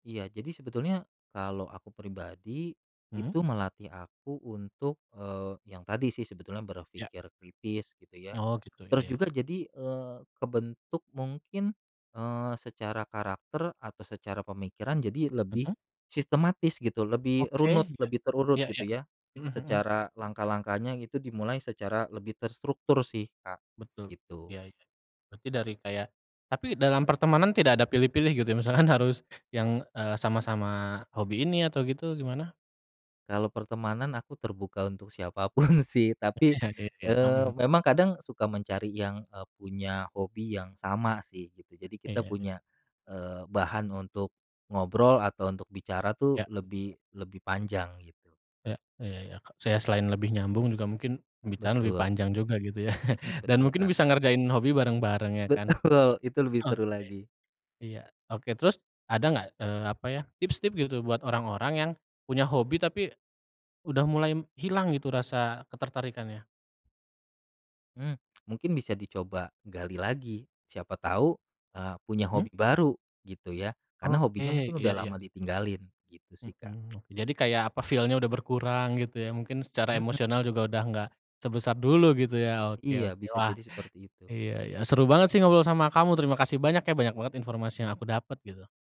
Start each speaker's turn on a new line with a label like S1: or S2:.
S1: Iya, jadi sebetulnya, kalau aku pribadi,
S2: Mhm?
S1: itu melatih aku untuk, eee, yang tadi sih sebetulnya,
S2: Ya.
S1: berpikir kritis gitu ya.
S2: Oh, gitu ya
S1: Terus
S2: ya.
S1: juga jadi, eee, kebentuk mungkin, eee, secara karakter atau secara pemikiran jadi lebih,
S2: Mhm?
S1: sistematis gitu, lebih
S2: Oke,
S1: runut,
S2: iya.
S1: lebih terurut
S2: Iya
S1: gitu
S2: iya.
S1: ya.
S2: Mhm mhm.
S1: Secara langkah-langkahnya gitu dimulai secara lebih terstruktur sih, Kak.
S2: Betul.
S1: Gitu.
S2: Ya ya. Berarti dari kayak Tapi dalam pertemanan tidak ada pilih-pilih gitu ya, misalkan harus yang, eee, sama-sama hobi ini atau gitu, gimana?
S1: Kalau pertemanan aku terbuka untuk siapa pun sih, tapi,
S2: Iya iya.
S1: eee,
S2: Mhm.
S1: memang kadang suka mencari yang, eee, punya hobi yang sama sih gitu, jadi kita
S2: Iya.
S1: punya, eee, bahan untuk, ngobrol atau untuk bicara
S2: Ya.
S1: tuh lebih lebih panjang gitu.
S2: Ya. Ya ya ya. Saya selain lebih nyambung, juga mungkin pembicaraan lebih
S1: Betul.
S2: panjang juga gitu ya,
S1: Mhm,
S2: dan
S1: betul,
S2: mungkin
S1: Kak.
S2: bisa ngerjain hobi bareng-bareng ya kan?
S1: Betul, itu lebih
S2: Oke.
S1: seru lagi.
S2: Iya. Oke. Terus ada nggak, eee, apa ya, tips-tips gitu buat orang-orang yang, punya hobi, tapi, udah mulai m hilang gitu rasa ketertarikannya?
S1: Mmm. Mungkin bisa dicoba gali lagi, siapa tahu, eee, punya
S2: Mhm?
S1: hobi baru gitu ya, karena
S2: Oke.
S1: hobinya mungkin
S2: Iya
S1: udah
S2: iya.
S1: lama ditinggalin. Gitu sih, Kak.
S2: Mhm. Jadi kayak apa, feel-nya udah berkurang gitu ya, mungkin secara
S1: Mhm,
S2: emosional
S1: mmm.
S2: juga udah nggak, sebesar dulu gitu ya. Oke
S1: Iya,
S2: oke.
S1: bisa
S2: Wah,
S1: jadi seperti itu.
S2: iya iya. Seru banget sih ngobrol sama kamu. Terima kasih banyak ya. Banyak banget informasi yang aku dapet, gitu.